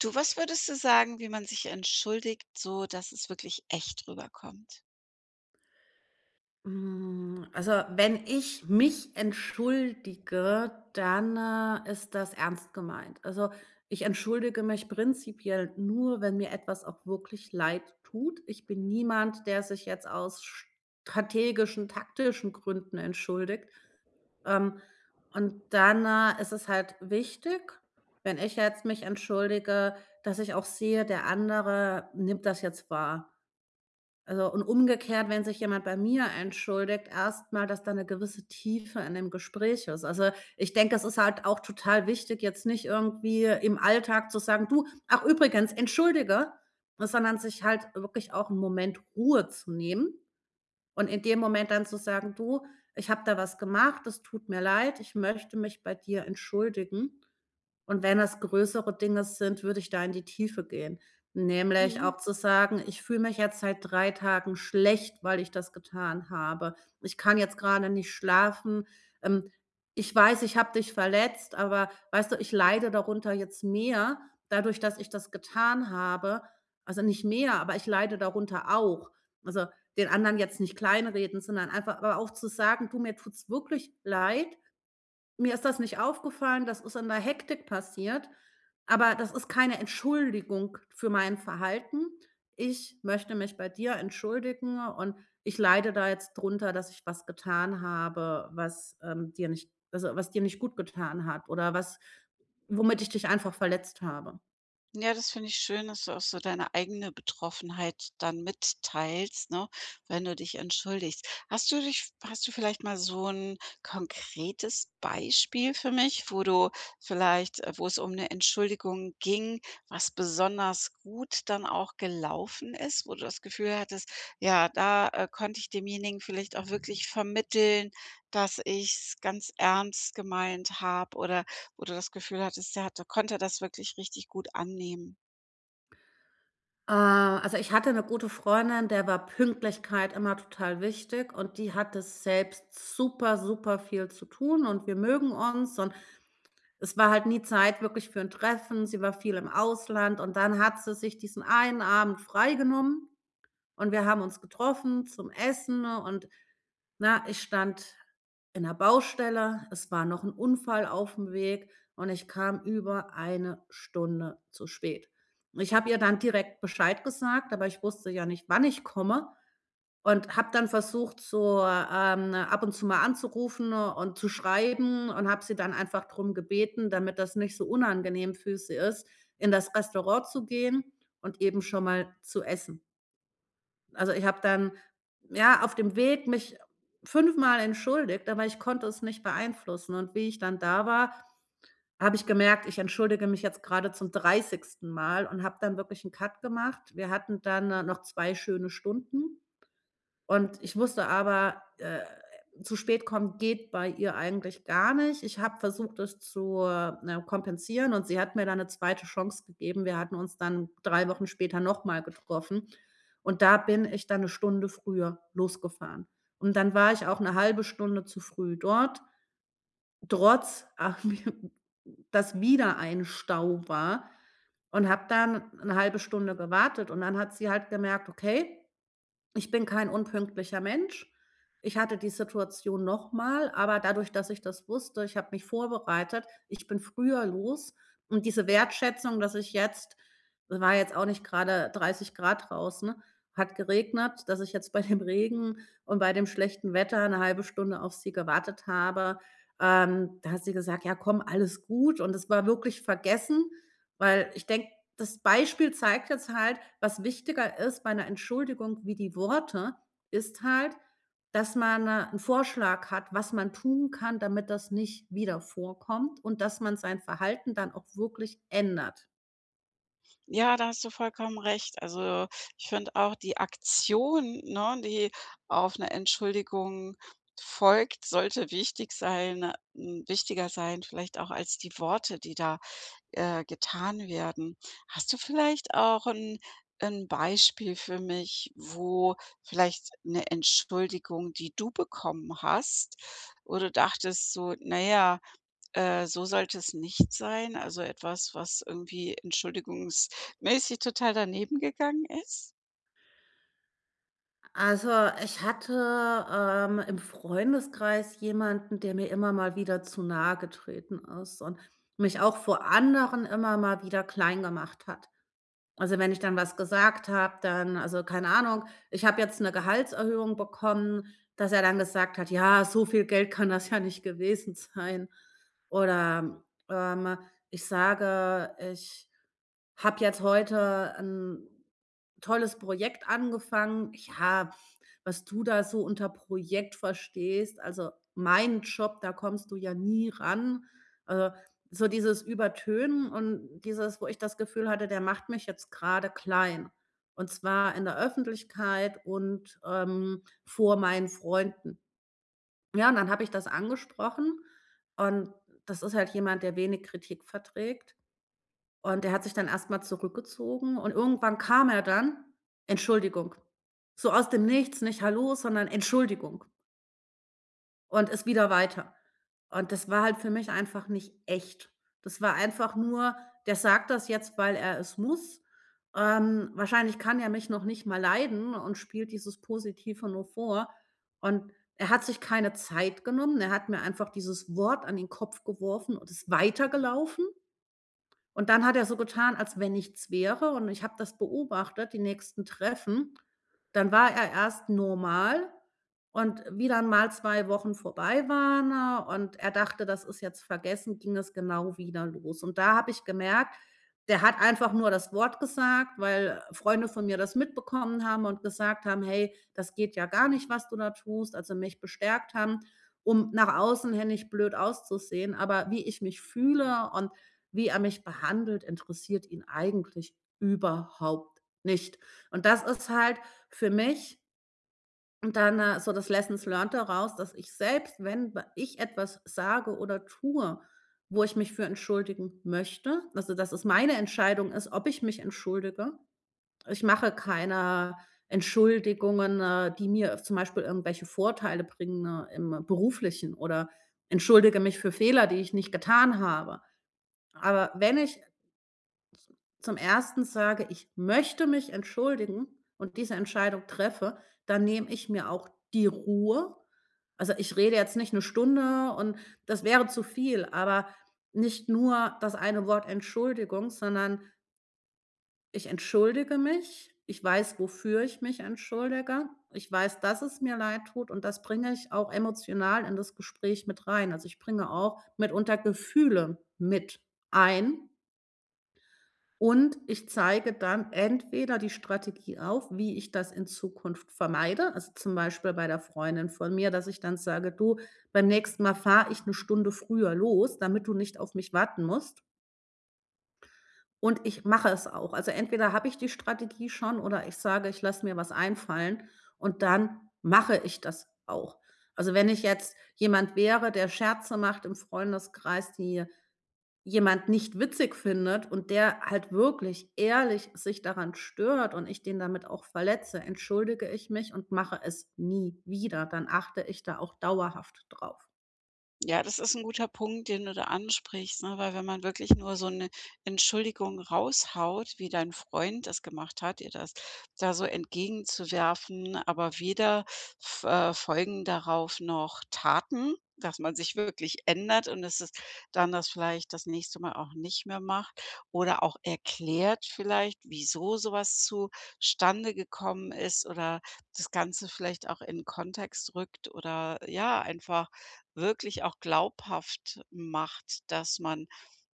Du, was würdest du sagen, wie man sich entschuldigt, so dass es wirklich echt rüberkommt? Hm, also, wenn ich mich entschuldige, dann, äh, ist das ernst gemeint. Also, ich entschuldige mich prinzipiell nur, wenn mir etwas auch wirklich leidtut. Ich bin niemand, der sich jetzt aus strategischen, taktischen Gründen entschuldigt. Ähm, und dann, äh, ist es halt wichtig, wenn ich jetzt mich entschuldige, dass ich auch sehe, der andere nimmt das jetzt wahr. Also, und umgekehrt, wenn sich jemand bei mir entschuldigt, erst mal, dass da 'ne gewisse Tiefe in dem Gespräch ist. Also, ich denke, das ist halt auch total wichtig, jetzt nicht irgendwie im Alltag zu sagen: „Du, ach übrigens, entschuldige“, sondern sich halt wirklich auch 'n Moment Ruhe zu nehmen und in dem Moment dann zu sagen: „Du, ich habe da was gemacht, das tut mir leid. Ich möchte mich bei dir entschuldigen.“ Und wenn das größere Dinge sind, würde ich da in die Tiefe gehen, nämlich Mhm. auch zu sagen: „Ich fühle mich jetzt seit 3 Tagen schlecht, weil ich das getan habe. Ich kann jetzt grade nicht schlafen. Ähm, ich weiß, ich habe dich verletzt, aber weißt du, ich leide darunter jetzt mehr, dadurch, dass ich das getan habe. Also, nicht mehr, aber ich leide darunter auch.“ Also, den anderen jetzt nicht kleinreden, sondern einfach aber auch zu sagen: „Du, mir tut's wirklich leid. Mir ist das nicht aufgefallen. Das ist in der Hektik passiert, aber das ist keine Entschuldigung für mein Verhalten. Ich möchte mich bei dir entschuldigen und ich leide da jetzt drunter, dass ich was getan habe, was, ähm, dir nicht also, was dir nicht gut getan hat oder was womit ich dich einfach verletzt habe.“ Ja, das finde ich schön, dass du auch so deine eigene Betroffenheit dann mitteilst, ne, wenn du dich entschuldigst. Hast du dich hast du vielleicht mal so 'n konkretes Beispiel für mich, wo du vielleicht, äh wo es um 'ne Entschuldigung ging, was besonders gut dann auch gelaufen ist, wo du das Gefühl hattest: „Ja, da, äh, konnte ich demjenigen vielleicht auch wirklich vermitteln, dass ich's ganz ernst gemeint habe“, oder wo du das Gefühl hattest, der hat der konnte das wirklich richtig gut annehmen? Äh, also, ich hatte 'ne gute Freundin, der war Pünktlichkeit immer total wichtig und die hatte selbst super, super viel zu tun und wir mögen uns und es war halt nie Zeit wirklich für 'n Treffen. Sie war viel im Ausland und dann hat sie sich diesen einen Abend frei genommen. Und wir haben uns getroffen zum Essen und ne, ich stand in 'ner Baustelle. Es war noch 'n Unfall aufm Weg und ich kam über 1 Stunde zu spät. Und ich habe ihr dann direkt Bescheid gesagt, aber ich wusste ja nicht, wann ich komme und habe dann versucht so, ähm, ab und zu mal anzurufen und, zu schreiben und habe sie dann einfach drum gebeten, damit das nicht so unangenehm für sie ist, in das Restaurant zu gehen und eben schon mal zu essen. Also, ich habe dann, ja, auf dem Weg mich fünfmal entschuldigt, aber ich konnte es nicht beeinflussen und wie ich dann da war, habe ich gemerkt: „Ich entschuldige mich jetzt gerade zum 30. Mal“, und habe dann wirklich 'n Cut gemacht. Wir hatten dann, äh, noch 2 schöne Stunden und ich wusste aber: „Äh, zu spät kommen geht bei ihr eigentlich gar nicht.“ Ich habe versucht, das zu, äh, ne, kompensieren und sie hat mir da 'ne 2. Chance gegeben. Wir hatten uns dann 3 Wochen später nochmal getroffen und da bin ich dann 1 Stunde früher losgefahren und dann war ich auch 'ne 1/2 Stunde zu früh dort, trotz ach, mir dass wieder ein Stau war und habe da 'ne 1/2 Stunde gewartet und dann hat sie halt gemerkt, okay, ich bin kein unpünktlicher Mensch. Ich hatte die Situation noch mal, aber dadurch, dass ich das wusste ich habe mich vorbereitet, ich bin früher los und diese Wertschätzung, dass ich jetzt war jetzt auch nicht gerade 30 C draußen hat geregnet dass ich jetzt bei dem Regen und bei dem schlechten Wetter 'ne 1/2 Stunde auf sie gewartet habe ähm, da hat sie gesagt: „Ja komm, alles gut“, und es war wirklich vergessen, weil ich denke, das Beispiel zeigt jetzt halt: Was wichtiger ist bei 'ner Entschuldigung wie die Worte, ist halt, dass man 'n Vorschlag hat, was man tun kann, damit das nicht wieder vorkommt und, dass man sein Verhalten dann auch wirklich ändert. Ja, da hast du vollkommen recht. Also, ich finde auch, die Aktion, ne, die auf 'ne Entschuldigung folgt, sollte wichtig sein hm, wichtiger sein, vielleicht auch als die Worte, die da, äh, getan werden. Hast du vielleicht auch 'n 'n Beispiel für mich, wo vielleicht 'ne Entschuldigung, die du bekommen hast, wo du dachtest so: „Na ja, äh, so sollte es nicht sein“, also, etwas, was irgendwie entschuldigungsmäßig total daneben gegangen ist? Also, ich hatte, ähm, im Freundeskreis jemanden, der mir immer mal wieder zu nahegetreten ist und mich auch vor anderen immer mal wieder klein gemacht hat. Also, wenn ich dann was gesagt habe, dann also, keine Ahnung, ich habe jetzt 'ne Gehaltserhöhung bekommen, dass er dann gesagt hat: „Ja, so viel Geld kann das ja nicht gewesen sein.“ Oder, ähm, ich sage: „Ich habe jetzt heute 'n tolles Projekt angefangen.“ „Ja, was du da so unter Projekt verstehst, also, mein Job, da kommst du ja nie ran.“ Äh, so dieses Übertönen und dieses, wo ich das Gefühl hatte, der macht mich jetzt grade klein. Und zwar in der Öffentlichkeit und, ähm, vor meinen Freunden. Ja, und dann habe ich das angesprochen und das ist halt jemand, der wenig Kritik verträgt. Und der hat sich dann erst mal zurückgezogen und irgendwann kam er dann: „Entschuldigung.“ So aus dem Nichts, nicht „Hallo“, sondern „Entschuldigung“. Und ist wieder weiter. Und das war halt für mich einfach nicht echt. Das war einfach nur: „Der sagt das jetzt, weil er es muss, ähm, wahrscheinlich kann er mich noch nicht mal leiden und spielt dieses Positive nur vor.“ Und er hat sich keine Zeit genommen, er hat mir einfach dieses Wort an den Kopf geworfen und ist weitergelaufen. Und dann hat er so getan, als wenn nichts wäre, und ich habe das beobachtet, die nächsten Treffen, dann war er erst normal. Und wie dann mal 2 Wochen vorbei waren, äh, und er dachte: „Das ist jetzt vergessen“, ging das genau wieder los. Und da habe ich gemerkt, der hat einfach nur das Wort gesagt, weil Freunde von mir das mitbekommen haben und gesagt haben: „Hey, das geht ja gar nicht, was du da tust“, also mich bestärkt haben, um nach außen hin nicht blöd auszusehen. Aber wie ich mich fühle und wie er mich behandelt, interessiert ihn eigentlich überhaupt nicht. Und das ist halt für mich Und dann, äh, so das lessons learned daraus, dass ich selbst, wenn w ich etwas sage oder tue, wo ich mich für entschuldigen möchte, also, dass es meine Entscheidung ist, ob ich mich entschuldige. Ich mache keine Entschuldigungen, äh, die mir zum Beispiel irgendwelche Vorteile bringen im Beruflichen, oder entschuldige mich für Fehler, die ich nicht getan habe. Aber wenn ich zum 1. sage, ich möchte mich entschuldigen und diese Entscheidung treffe, dann nehme ich mir auch die Ruhe. Also, ich rede jetzt nicht 'ne Stunde und das wäre zu viel, aber nicht nur das eine Wort Entschuldigung, sondern ich entschuldige mich. Ich weiß, wofür ich mich entschuldige. Ich weiß, dass es mir leid tut und das bringe ich auch emotional in das Gespräch mit rein. Also, ich bringe auch mitunter Gefühle mit ein. Und ich zeige dann entweder die Strategie auf, wie ich das in Zukunft vermeide. Also, zum Beispiel bei der Freundin von mir, dass ich dann sage: „Du, beim nächsten Mal fahre ich 'ne Stunde früher los, damit du nicht auf mich warten musst.“ Und ich mache es auch, also, entweder habe ich die Strategie schon oder ich sage: „Ich lasse mir was einfallen“, und dann mache ich das auch. Also, wenn ich jetzt jemand wäre, der Scherze macht im Freundeskreis, die jemand nicht witzig findet und der halt wirklich ehrlich sich daran stört und ich den damit auch verletze, entschuldige ich mich und mache es nie wieder. Dann achte ich da auch dauerhaft drauf. Ja, das ist 'n guter Punkt, den du da ansprichst, ne, weil wenn man wirklich nur so 'ne Entschuldigung raushaut, wie dein Freund das gemacht hat, dir das da so entgegenzuwerfen, aber weder f äh, folgen darauf noch Taten, dass man sich wirklich ändert und es ist dann das vielleicht das nächste Mal auch nicht mehr macht oder auch erklärt vielleicht, wieso so was zustande gekommen ist oder das Ganze vielleicht auch in Kontext rückt oder, ja, einfach wirklich auch glaubhaft macht, dass man,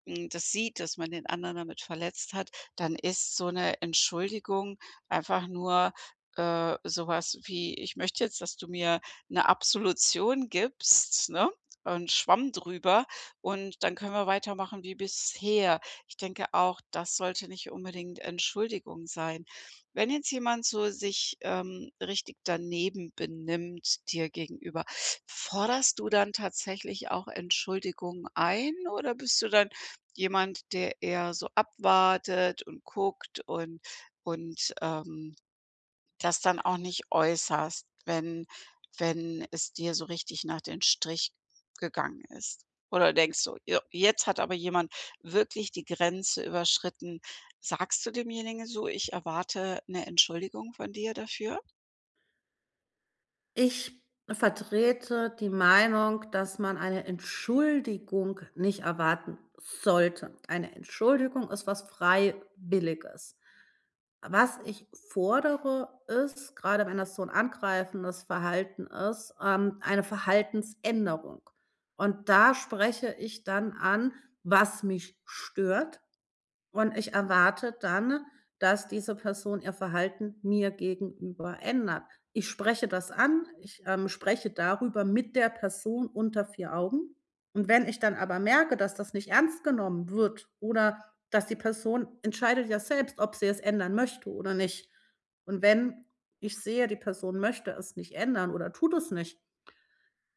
hm, das sieht, dass man den anderen damit verletzt hat, dann ist so 'ne Entschuldigung einfach nur, äh, sowas wie: „Ich möchte jetzt, dass du mir 'ne Absolution gibst, ne, und Schwamm drüber und dann können wir weitermachen wie bisher.“ Ich denke auch, das sollte nicht unbedingt Entschuldigung sein. Wenn jetzt jemand so sich, ähm, richtig daneben benimmt dir gegenüber, forderst du dann tatsächlich auch Entschuldigungen ein oder bist du dann jemand, der eher so abwartet und guckt und und, ähm, das dann auch nicht äußerst, wenn wenn es dir so richtig nach den Strich gegangen ist? Oder denkst du: „Jo, jetzt hat aber jemand wirklich die Grenze überschritten.“ Sagst du demjenigen so: „Ich erwarte 'ne Entschuldigung von dir dafür?” Ich vertrete die Meinung, dass man eine Entschuldigung nicht erwarten sollte. Eine Entschuldigung ist was Freiwilliges. Was ich fordere, ist grade wenn das so 'n angreifendes Verhalten ist, ähm, eine Verhaltensänderung, und da spreche ich dann an, was mich stört, und ich erwarte dann, dass diese Person ihr Verhalten mir gegenüber ändert. Ich spreche das an ich, ähm, spreche darüber mit der Person unter 4 Augen, und wenn ich dann aber merke, dass das nicht ernst genommen wird oder dass die Person entscheidet ja selbst, ob sie es ändern möchte oder nicht. Und wenn ich sehe, die Person möchte es nicht ändern oder tut es nicht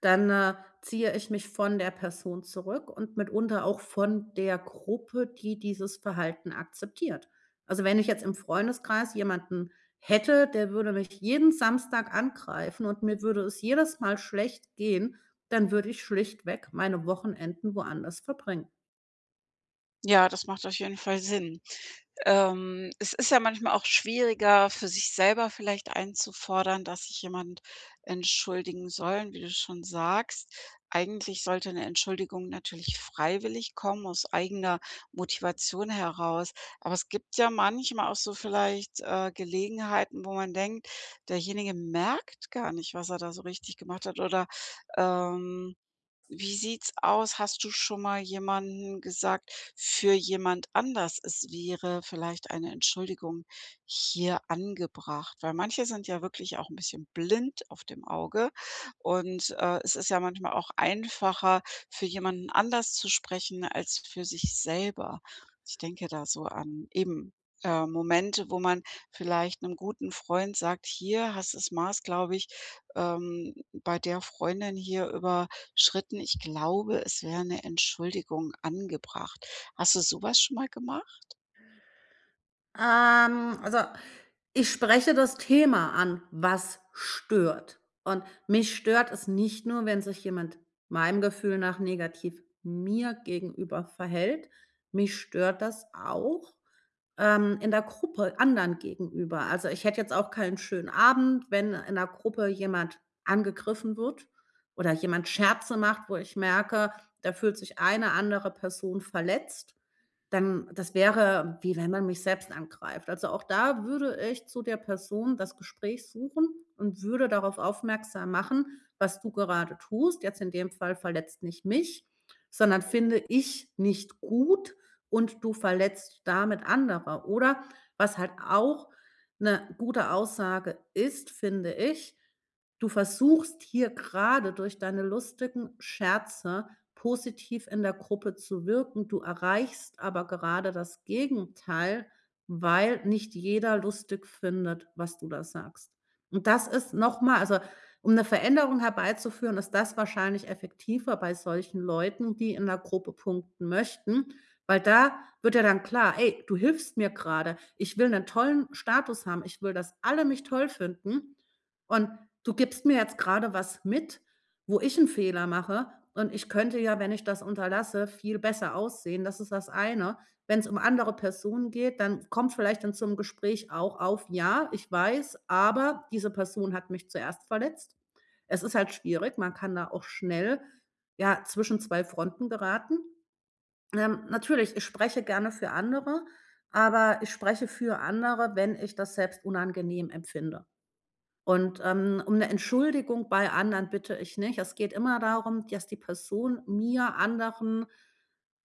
dann, äh, ziehe ich mich von der Person zurück und mitunter auch von der Gruppe, die dieses Verhalten akzeptiert. Also, wenn ich jetzt im Freundeskreis jemanden hätte, der würde mich jeden Samstag angreifen und mir würde es jedes Mal schlecht gehen, dann würde ich schlichtweg meine Wochenenden woanders verbringen. Ja, das macht auf jeden Fall Sinn. Ähm, es ist ja manchmal auch schwieriger für sich selber vielleicht einzufordern, dass sich jemand entschuldigen soll, wie du schon sagst. Eigentlich sollte ’ne Entschuldigung natürlich freiwillig kommen, aus eigener Motivation heraus, aber es gibt ja manchmal auch so vielleicht, äh, Gelegenheiten, wo man denkt: „Derjenige merkt gar nicht, was er da so richtig gemacht hat“, oder, ähm, wie sieht's aus? Hast du schon mal jemanden gesagt für jemand anders: „Es wäre vielleicht eine Entschuldigung hier angebracht.“ Weil manche sind ja wirklich auch 'n bisschen blind auf dem Auge und, äh, es ist ja manchmal auch einfacher, für jemanden anders zu sprechen als für sich selber. Ich denke da so an eben, äh, Momente, wo man vielleicht 'nem guten Freund sagt: „Hier hast das Maß, glaube ich, ähm, bei der Freundin hier überschritten. Ich glaube, es wäre 'ne Entschuldigung angebracht.“ Hast du sowas schon mal gemacht? Ähm, also, ich spreche das Thema an: „Was stört?“ Und mich stört es nicht nur, wenn sich jemand meinem Gefühl nach negativ mir gegenüber verhält, mich stört das auch, ähm, in der Gruppe anderen gegenüber. Also, ich hätte jetzt auch keinen schönen Abend, wenn in 'ner Gruppe jemand angegriffen wird oder jemand Scherze macht, wo ich merke: „Da fühlt sich eine andere Person verletzt“, dann das wäre, wie wenn man mich selbst angreift. Also, auch da würde ich zu der Person das Gespräch suchen und würde darauf aufmerksam machen: „Was du gerade tust, jetzt in dem Fall, verletzt nicht mich, sondern finde ich nicht gut und du verletzt damit andere.“ Oder was halt auch 'ne gute Aussage ist, finde ich: „Du versuchst hier grade, durch deine lustigen Scherze positiv in der Gruppe zu wirken. Du erreichst aber gerade das Gegenteil, weil nicht jeder lustig findet, was du da sagst.“ Und das ist nochmal also, um 'ne Veränderung herbeizuführen, ist das wahrscheinlich effektiver bei solchen Leuten, die in 'ner Gruppe punkten möchten, weil da wird ja dann klar: „Ey, du hilfst mir grade. Ich will 'nen tollen Status haben. Ich will, dass alle mich toll finden, und du gibst mir jetzt grade was mit, wo ich 'n Fehler mache, und ich könnte ja, wenn ich das unterlasse, viel besser aussehen“, das ist das eine. Wenn's um andere Personen geht, dann kommt vielleicht dann zum Gespräch auch auf: „Ja, ich weiß, aber diese Person hat mich zuerst verletzt.“ Es ist halt schwierig, man kann da auch schnell, ja, zwischen 2 Fronten geraten. Ähm, natürlich, ich spreche gerne für andere, aber ich spreche für andere, wenn ich das selbst unangenehm empfinde. Und, ähm, um 'ne Entschuldigung bei anderen bitte ich nicht. Es geht immer darum, dass die Person mir, anderen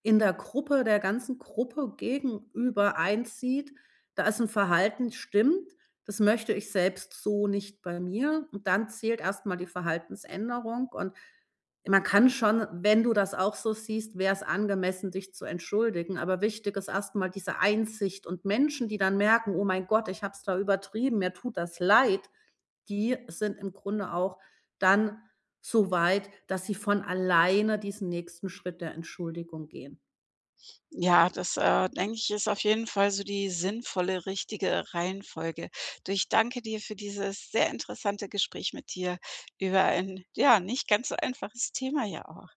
in der Gruppe, der ganzen Gruppe gegenüber einsieht: „Da ist 'n Verhalten, stimmt. Das möchte ich selbst so nicht bei mir.“ Und dann zählt erstmal die Verhaltensänderung und man kann schon wenn du das auch so siehst, wär' s angemessen, dich zu entschuldigen. Aber wichtig ist erst mal diese Einsicht und Menschen, die dann merken: „Oh mein Gott, ich habe es da übertrieben, mir tut das leid“, die sind im Grunde auch dann so weit, dass sie von alleine diesen nächsten Schritt der Entschuldigung gehen. Ja, das, äh, denke ich, ist auf jeden Fall so die sinnvolle richtige Reihenfolge. Du, ich danke dir für dieses sehr interessante Gespräch mit dir über ein, ja, nicht ganz so einfaches Thema ja auch.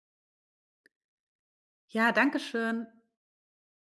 Ja, dankeschön.